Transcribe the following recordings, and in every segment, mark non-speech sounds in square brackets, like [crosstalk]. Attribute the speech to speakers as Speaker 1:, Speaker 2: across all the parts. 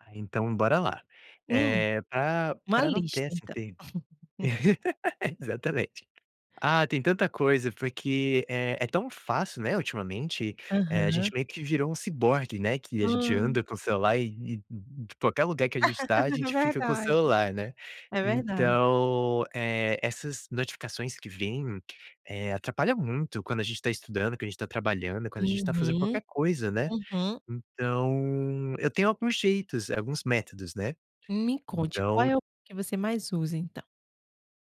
Speaker 1: Ah, então, bora lá.
Speaker 2: Sim,
Speaker 1: Eh, pra
Speaker 2: uma
Speaker 1: pra não ter
Speaker 2: lista
Speaker 1: essa
Speaker 2: então.
Speaker 1: inter
Speaker 2: [chuckles]
Speaker 1: [laughs] Exatamente. Ah, tem tanta coisa, porque, eh, é tão fácil, né, ultimamente, eh, a gente
Speaker 2: Aham.
Speaker 1: meio que virou um ciborgue, né, que a gente
Speaker 2: Hum.
Speaker 1: anda com o celular e e e e qualquer lugar que a gente tá,
Speaker 2: [laughs]
Speaker 1: gente fica com o
Speaker 2: Verdade.
Speaker 1: celular, né?
Speaker 2: É verdade.
Speaker 1: Então, eh, essas notificações que vêm, eh, atrapalha muito quando a gente tá estudando, que a gente tá trabalhando, quando a gente tá fazendo
Speaker 2: Uhum,
Speaker 1: qualquer coisa, né.
Speaker 2: uhum.
Speaker 1: Então, eu tenho alguns jeitos, alguns métodos, né.
Speaker 2: Me conte qual
Speaker 1: Então
Speaker 2: é o que você mais usa, então?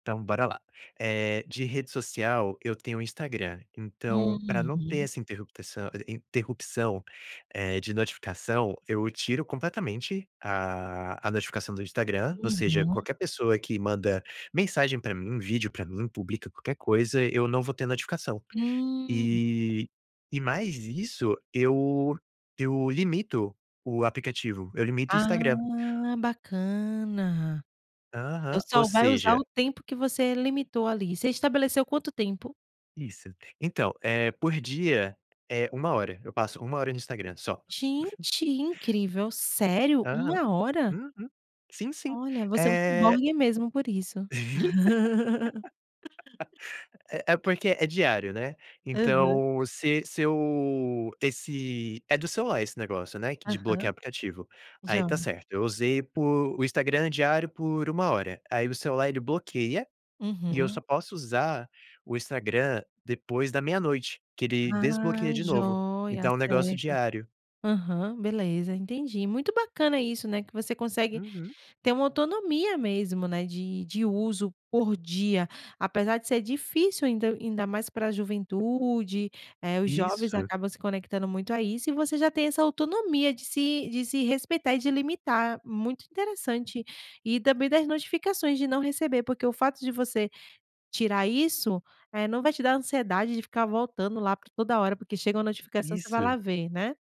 Speaker 1: Então, bora lá. Eh, de rede social eu tenho Instagram, então pra não ter
Speaker 2: Uhum.
Speaker 1: essa interruptação- interrupção, eh, de notificação, eu tiro completamente a a notificação do Instagram, ou seja,
Speaker 2: Uhum.
Speaker 1: qualquer pessoa que manda mensagem pra mim, vídeo pra mim, publica qualquer coisa, eu não vou ter notificação.
Speaker 2: Hum.
Speaker 1: E e mais isso eu eu limito o aplicativo, eu limito o Instagram.
Speaker 2: Ah, bacana. Então
Speaker 1: Aham, ou
Speaker 2: só vai usar
Speaker 1: seja
Speaker 2: o tempo que você limitou ali. Você estabeleceu quanto tempo?
Speaker 1: Isso. Então, eh, por dia é 1 hora, eu passo 1 hora no Instagram só.
Speaker 2: Gente, incrível. Sério?
Speaker 1: Aham,
Speaker 2: 1 hora?
Speaker 1: uhum, sim, sim,
Speaker 2: Olha, você é um
Speaker 1: eh
Speaker 2: ciborgue mesmo por isso.
Speaker 1: [laughs]
Speaker 2: [laughs]
Speaker 1: É é porque é diário, né?
Speaker 2: Aham.
Speaker 1: Então se se eu esse é do celular esse negócio, né, q de
Speaker 2: Aham.
Speaker 1: bloquear aplicativo, aí, tá
Speaker 2: Joia.
Speaker 1: certo, eu usei por o Instagram diário por 1 hora, aí o celular ele bloqueia, e eu só
Speaker 2: Uhum.
Speaker 1: posso usar o Instagram depois da meia-noite que ele
Speaker 2: Ah,
Speaker 1: desbloqueia de novo,
Speaker 2: joia,
Speaker 1: então é um negócio
Speaker 2: certo.
Speaker 1: diário.
Speaker 2: Aham, beleza, entendi, muito bacana isso, né, que você consegue
Speaker 1: Uhum.
Speaker 2: ter uma autonomia mesmo, né, de de uso por dia, apesar de ser difícil, ainda ainda mais pra juventude, eh, os jovens
Speaker 1: Isso.
Speaker 2: acabam se conectando muito a isso e você já tem essa autonomia de se de se respeitar e de limitar, muito interessante. E também das notificações de não receber, porque o fato de você tirar isso, eh, não vai te dar ansiedade de ficar voltando lá pra toda hora, porque chega uma notificação você vai
Speaker 1: Isso.
Speaker 2: lá ver, né?